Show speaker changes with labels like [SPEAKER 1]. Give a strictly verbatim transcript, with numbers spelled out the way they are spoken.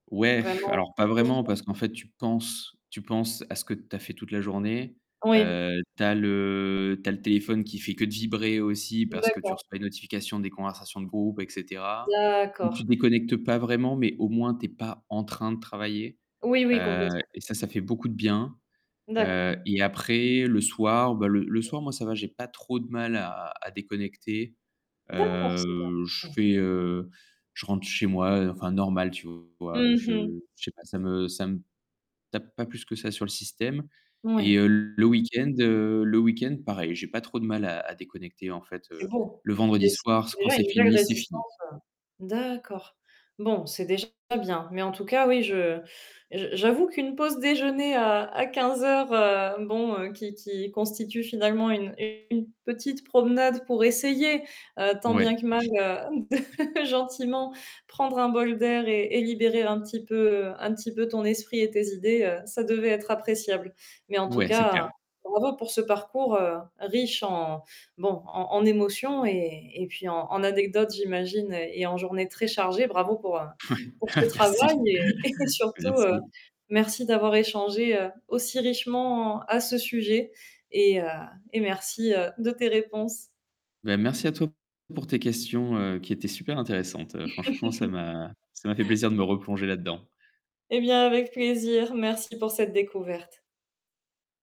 [SPEAKER 1] Ouais,
[SPEAKER 2] Vraiment.
[SPEAKER 1] alors, pas vraiment
[SPEAKER 2] [unintelligible]
[SPEAKER 1] parce qu'en fait, tu penses tu penses à ce que tu as fait toute la journée.
[SPEAKER 2] Oui.
[SPEAKER 1] Heu, tu as le tu as le téléphone qui fait que de vibrer aussi parce que tu
[SPEAKER 2] D'accord.
[SPEAKER 1] reçois une notification des conversations de groupe et cetera. Et
[SPEAKER 2] D'accord.
[SPEAKER 1] tu déconnectes pas vraiment, mais au moins, tu es pas en train de travailler,
[SPEAKER 2] Oui, oui,
[SPEAKER 1] heu,
[SPEAKER 2] complètement.
[SPEAKER 1] et ça, ça fait beaucoup de bien.
[SPEAKER 2] D'accord.
[SPEAKER 1] Heu, et après le soir, bah, le le soir, moi ça va, j'ai pas trop de mal à à déconnecter.
[SPEAKER 2] D'accord, c'est
[SPEAKER 1] Heu, je
[SPEAKER 2] bien, mmh.
[SPEAKER 1] fais heu, je rentre chez moi, heu, enfin normal, tu vois.
[SPEAKER 2] Mmh mh.
[SPEAKER 1] Je je sais pas, ça me ça me tape pas plus que ça sur le système. Et
[SPEAKER 2] Moui.
[SPEAKER 1] heu, le week-end, heu, le week-end pareil, j'ai pas trop de mal à à déconnecter, en fait,
[SPEAKER 2] C'est
[SPEAKER 1] heu,
[SPEAKER 2] beau,
[SPEAKER 1] le
[SPEAKER 2] c'est
[SPEAKER 1] vendredi soir, c
[SPEAKER 2] c'est
[SPEAKER 1] quand
[SPEAKER 2] déjà
[SPEAKER 1] c'est
[SPEAKER 2] une belle
[SPEAKER 1] fini, c'est fini.
[SPEAKER 2] résistance, heu, d'accord. Bon, c'est déjà bien, mais en tout cas, oui, je je j'avoue qu'une pause déjeuner, heu, à quinze heures heu, bon, heu, qui qui constitue, finalement, une une petite promenade pour essayer, heu, tant
[SPEAKER 1] Ouais.
[SPEAKER 2] bien que mal, heu, de gentiment prendre un bol d'air et et libérer un petit peu un petit peu ton esprit et tes idées, heu, ça devait être appréciable. Mais en tout
[SPEAKER 1] Ouais, c'est
[SPEAKER 2] cas,
[SPEAKER 1] clair.
[SPEAKER 2] bravo pour ce parcours, heu, riche en bon, en en émotions et et puis en en anecdotes, j'imagine et en journées très chargées. Bravo pour, heu,
[SPEAKER 1] Ouais,
[SPEAKER 2] pour ce travail
[SPEAKER 1] merci,
[SPEAKER 2] et et surtout, heu,
[SPEAKER 1] merci.
[SPEAKER 2] merci d'avoir échangé, heu, aussi richement à ce sujet et heu, et merci, heu, de tes réponses.
[SPEAKER 1] Ben, merci à toi pour tes questions, heu, qui étaient super intéressantes. Heu, franchement, ça m'a ça m'a fait plaisir de me replonger là-dedans.
[SPEAKER 2] Eh bien, avec plaisir, merci pour cette découverte.